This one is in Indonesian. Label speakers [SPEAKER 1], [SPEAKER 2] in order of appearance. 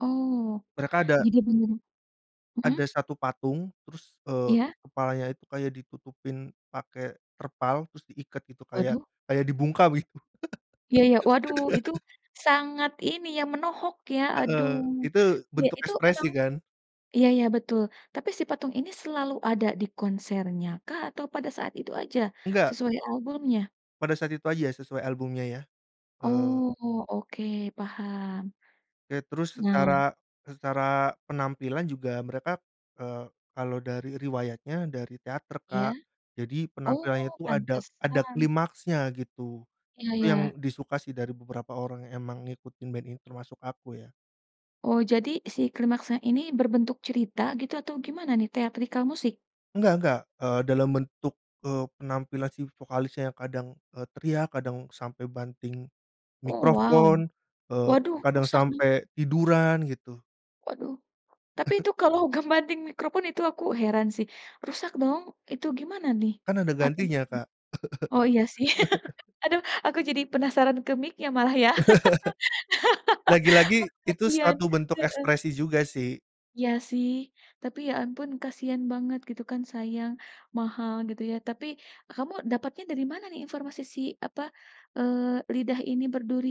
[SPEAKER 1] Oh,
[SPEAKER 2] Mereka ada
[SPEAKER 1] jadi bener mhm.
[SPEAKER 2] ada 1 patung, terus, eee,
[SPEAKER 1] Iya.
[SPEAKER 2] kepalanya itu kayak ditutupin pake terpal, terus diikat gitu kayak
[SPEAKER 1] Waduh.
[SPEAKER 2] kayak dibungkam gitu.
[SPEAKER 1] Iya iya. Waduh itu sangat ini yang menohok, ya, aduh.
[SPEAKER 2] Heeh, itu
[SPEAKER 1] Ya,
[SPEAKER 2] bentuk
[SPEAKER 1] itu
[SPEAKER 2] ekspresi,
[SPEAKER 1] emang
[SPEAKER 2] kan.
[SPEAKER 1] iya iya betul tapi si patung ini selalu ada di konsernya kah? Atau pada saat itu aja
[SPEAKER 2] Enggak.
[SPEAKER 1] sesuai albumnya?
[SPEAKER 2] Pada saat itu aja ya sesuai albumnya, ya, eee.
[SPEAKER 1] Oh, oke paham.
[SPEAKER 2] Ya, terus
[SPEAKER 1] Nah.
[SPEAKER 2] secara secara penampilan juga mereka, eee, kalau dari riwayatnya dari teater
[SPEAKER 1] Iya.
[SPEAKER 2] Kak, jadi
[SPEAKER 1] Oh,
[SPEAKER 2] penampilannya itu ada ada
[SPEAKER 1] pantesan.
[SPEAKER 2] klimaksnya gitu.
[SPEAKER 1] Iya
[SPEAKER 2] Itu yang
[SPEAKER 1] iya.
[SPEAKER 2] disuka, sih, dari beberapa orang emang ngikutin band ini termasuk aku, ya.
[SPEAKER 1] Oh, jadi si klimaksnya ini berbentuk cerita gitu atau gimana, nih, teatrikal musik?
[SPEAKER 2] Nggak nggak, eee, dalam bentuk, eee, penampilan si vokalisnya yang kadang, eee, teriak, kadang sampai banting
[SPEAKER 1] Oh, wow.
[SPEAKER 2] mikrofon, eee,
[SPEAKER 1] Waduh
[SPEAKER 2] kadang
[SPEAKER 1] rusak, nih.
[SPEAKER 2] sampai tiduran gitu.
[SPEAKER 1] Waduh. Tapi itu kalau ngebanting microphone itu aku heran, sih, rusak dong itu gimana, nih?
[SPEAKER 2] Kan, ada
[SPEAKER 1] Atau gimana?
[SPEAKER 2] gantinya, Kak.
[SPEAKER 1] Oh iya, sih. Aduh, aku jadi penasaran ke miknya malah, ya. Wah,
[SPEAKER 2] Lagi-lagi, itu
[SPEAKER 1] kasian,
[SPEAKER 2] suatu bentuk
[SPEAKER 1] heeh.
[SPEAKER 2] ekspresi juga, sih.
[SPEAKER 1] Iya, sih. Tapi, ya, ampun kasihan banget gitu, kan, sayang. Mahal gitu, ya. Tapi kamu dapatnya dari mana, nih, informasi si apa, eee, lidah ini berduri?